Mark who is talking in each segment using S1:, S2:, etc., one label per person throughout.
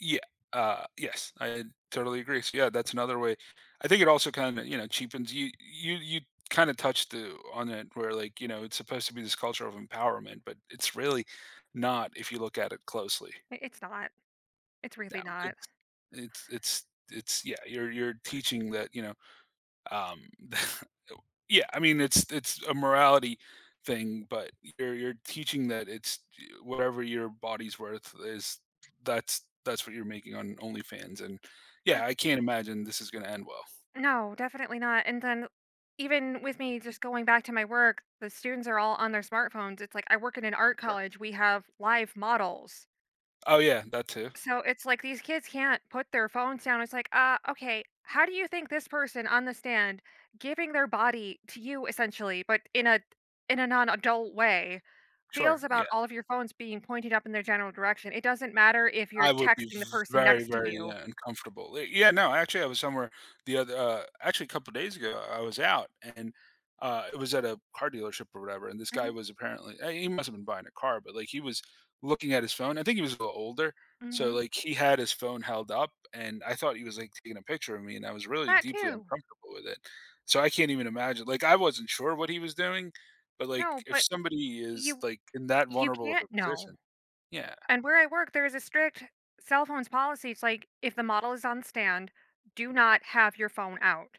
S1: Yeah uh, yes, I totally agree. So yeah, that's another way I think it also kind of, you know, cheapens you you you kind of touched on it, where like, you know, it's supposed to be this culture of empowerment, but it's really not if you look at it closely.
S2: I it's not. It's
S1: [unintelligible]
S2: really not.
S1: it's it's it's it's yeah, you're you're
S2: R
S1: teaching that, you know, um yeah, I mean, it's it's a morality thing, but you're you're teaching that it's j whatever your body's worth is that's that's what you're making on OnlyFans, and
S2: I
S1: yeah, I can't imagine this is gonna end well.
S2: No, definitely not. And then even with me just going back to my work, the students are all on their smartphones. It's like, I work in an art
S1: [unintelligible]
S2: college, we have live models.
S1: Oh yeah, that too.
S2: So, it's like, these kids can't put their phones down. It's like, uh, okay how do you think this person on the stand, giving their body to you essentially, but in a in a non-adult way,
S1: Sure,
S2: feels about
S1: yeah.
S2: all of your phones being pointed up in their general direction. It doesn't matter if you're
S1: I would be
S2: texting the person
S1: very,
S2: next to
S1: very
S2: you.
S1: uncomfortable. Li yeah, no, actually I was somewhere the other, uh actually a couple of days ago, I was out and uh, it was at a car dealership or whatever, and this guy
S2: Mhm.
S1: was apparently eh, he must have been buying a car, but like he was looking at his phone I think he was a little older, so
S2: Mhm.
S1: like he had his phone held up and I thought he was like taking a picture of me and I was really
S2: That
S1: deeply
S2: too.
S1: uncomfortable with it. So, I can't even imagine like I wasn't sure what he was doing, but like
S2: No,
S1: if
S2: but
S1: somebody is
S2: you
S1: like in that
S2: you
S1: vulnerable of
S2: can't
S1: a
S2: know.
S1: position yeah.
S2: And where I work, there is a strict cell phones policy. It's like, "If the model is on stand, do not have your phone out."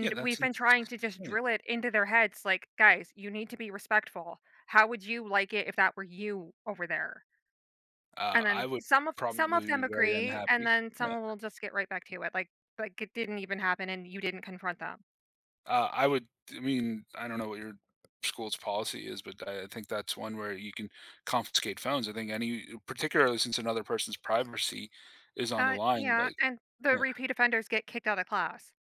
S1: Yeah,
S2: we've
S1: that's
S2: been trying to just
S1: it [unintelligible]
S2: drill it into their heads, like, "Guys, you need to be respectful. How would you like it if that were you over there?" And
S1: Uh,
S2: then
S1: I would
S2: some of some of
S1: probably
S2: them
S1: be very
S2: agree, and
S1: unhappy.
S2: then
S1: Yeah.
S2: someone will just get right back to it, like like it didn't even happen and you didn't confront them.
S1: Uh, I would I mean, I don't know what your school's policy is, but I I think that's one where you can confiscate phones. I think any particularly since another person's privacy is on the
S2: Uh,
S1: line,
S2: yeah,
S1: like,
S2: and the
S1: yeah.
S2: repeat offenders get kicked outta class.